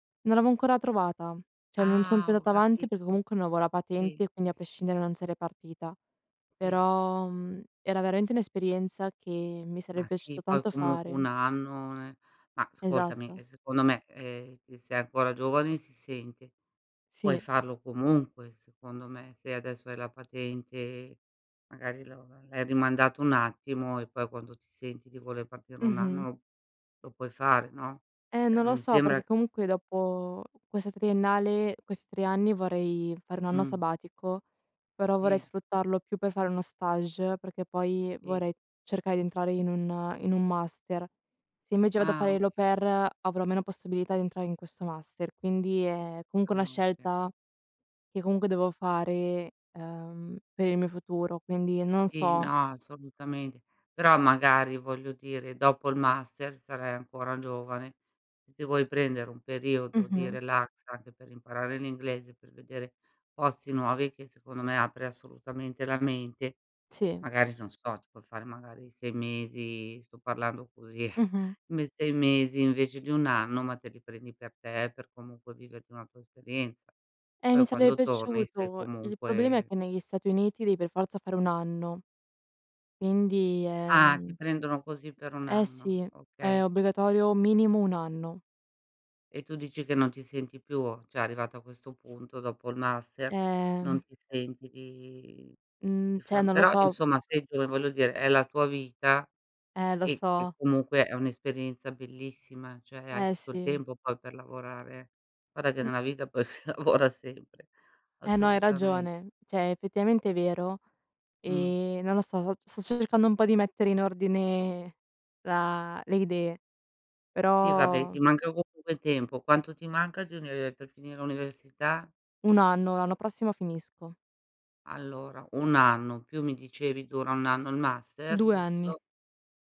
Non l'avevo ancora trovata. Cioè non son più Ah, ho andata avanti, perché capito. comunque non avevo la Sì, patente, sì, quindi a sì. prescindere, non sarei partita. I Però, mhmm, era veramente un'esperienza che mi sarebbe Ma piaciuto sì, poi tanto comunque, fare. 1- anno ne ma ascoltami, ehm, Esatto. secondo me, ehm, che sei ancora giovani si sente, puoi Sì. farlo comunque, secondo me. Se adesso hai la patente, magari lo l'hai rimandato un attimo e poi quando ti senti di voler partire 1 Mh-mh. anno, lo puoi fare, no? Eh, Ehm, non non lo mi so, sembra perché, comunque, dopo questa triennale questi 3 anni, vorrei fare 1 anno Mh. sabbatico, però vorrei I sfruttarlo più per fare uno stage, perché poi I vorrei cercare di entrare in un in un master. Se invece, vado a Ah, fare l' au okay. pair, avrò meno possibilità di entrare in questo master, quindi è Ah, comunque una okay. scelta, che comunque devo fare, ehm, per il mio futuro, quindi non Sì, so. no, assolutamente. Però, magari, voglio dire, dopo il master, sarai ancora giovane. Se ti vuoi prendere un periodo di Mh-mh. relax, anche per imparare l'inglese, per vedere posti nuovi, che, secondo me, apre assolutamente la mente. Sì. Magari, non so, ti puoi fare, magari, 6 mesi sto parlando così, Mh-mh. m 6 mesi invece di 1 anno, ma te li prendi per te, per comunque viverti una tua esperienza. Eh, mi Poi sare quando torni, stai piaciuto. Il problema è, comunque che negli Stati Uniti, devi per forza fare 1 anno. Quindi, Ah, ti ehm prendono così, per 1 Eh, anno, sì. okay. È obbligatorio minimo 1 anno. E tu dici, che non ti senti più, cioè, arrivato a questo punto, dopo il master, non Eh. ti senti di di Mhmm, cioè fa non lo però so, u insomma sei gio voglio dire, è la tua vita Eh, lo e che, so. comunque, è un'esperienza bellissima, cioè hai Eh, tutto il sì. tempo poi per lavorare eh. Guarda che, Mh. nella vita poi si lavora sempre, Eh, no, hai assolutame ragione. Cioè, effettivamente, è vero, Mh. ehm, non lo so, so sto cercando un po' di mettere in ordine la le idee. Eh, vabbè, Però ti manca comunque tempo. Quanto ti manca di unive per finire l'università? 1 anno. L'anno prossimo finisco. Allora, 1 anno, più mi dicevi dura 1 anno il master. 2 anni. Giusto?